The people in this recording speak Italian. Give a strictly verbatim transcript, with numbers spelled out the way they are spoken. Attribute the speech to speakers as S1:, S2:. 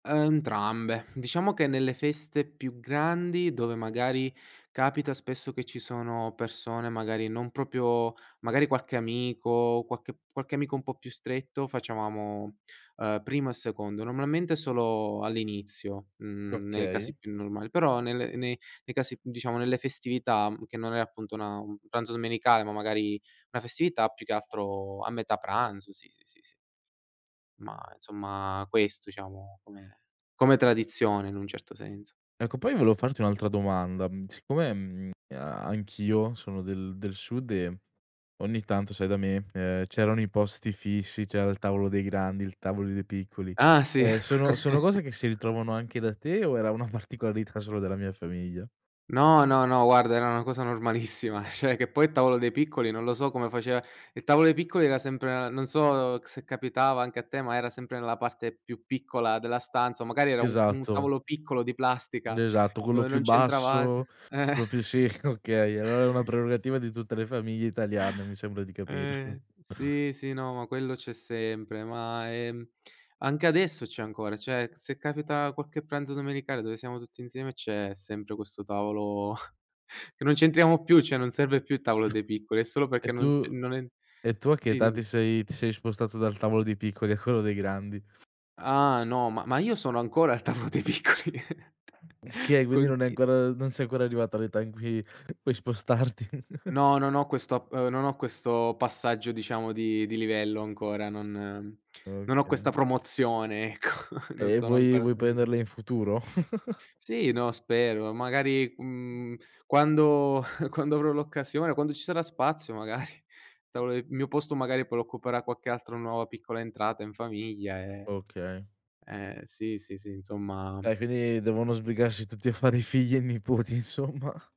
S1: Uhm, ntrambe. Diciamo che nelle feste più grandi, dove magari capita spesso che ci sono persone magari non propio magari qualche amico, quache qualche amico un po' più stretto facevamo, uhm, primo e secondo. Normalmente solo all'inizio, mhmm, nei casi
S2: Okay.
S1: più normal però nelle nei nei casi più diciamo nelle festività che non è appunto una un pranzo domenicale, ma magari una festività più che altro a metà pranzo, sì, sì, sì, sì. Ma insomma questo diciamo come come tradizione in un certo senso.
S2: Ecco poi volevo farti un'altra domanda. Mhmm, siccome, mhmm, a anch'io sono del del sud e ogni tanto sai da me, ehm, c'erano i posti fissi, c'era il tavolo dei grandi, il tavoli dei piccoli,
S1: Ah sì.
S2: ehm, sono sono cose che si ritrovano anche da te o era una particolarità solo della mia famiglia?
S1: No, no, no, guarda era una cosa normalissima, cioè che poi il tavolo dei piccoli non lo so come faceva il tavolo dei piccoli era sempre non so se capitava anche a te, ma era sempre nella parte più piccola della stanza o magari era un un
S2: Esatto.
S1: tavolo piccolo di
S2: Mh,
S1: plastica
S2: esatto, quello
S1: dove
S2: più
S1: non c'entravat
S2: basso,
S1: eh
S2: quello più sì, okay aloa era una prerogativa di tutte le famiglie italiane, mi sembra di capire.
S1: Eh, sì, sì, no, ma quello c'è sempre, ma, ehm, anche adesso c'è ancora, cioè, se capita quacche pranzo domenicale dove siamo tutti insieme c'è sempre questo tavolo che non c'entriamo più, cioè non serve più il tavolo dei piccoli, è solo
S2: E
S1: perché
S2: tu
S1: non c non en
S2: e tu a che
S1: sì
S2: età
S1: dim
S2: ti sei ti sei spostato dal tavolo dei piccoli a quello dei grandi?
S1: Ah no, ma ma io sono ancora al tavolo dei piccoli
S2: kay, quindi non hai
S1: conti
S2: ancora non sei ancora arrivato all'età in cui puoi spostarti.
S1: No, non ho questo ap non ho questo passaggio diciamo di di livello ancora, non non ho questa
S2: Okay.
S1: promozione ecco non
S2: E
S1: sono
S2: vuoi
S1: ancora
S2: vuoi
S1: [unintelligible]
S2: prenderle in futuro?
S1: Sì, no, spero. Magari, mhmm, quando quando avrò l'occasione, quando ci sarà spazio magari. Il tavo il mio posto magari poi lo occuperà qualche altra nuova piccola entrata in famiglia, ehm
S2: Okay.
S1: eh, sì, sì, sì insomma
S2: Dai, quindi devono sbrigarsi tutti a fare i figli e i nipoti insomma.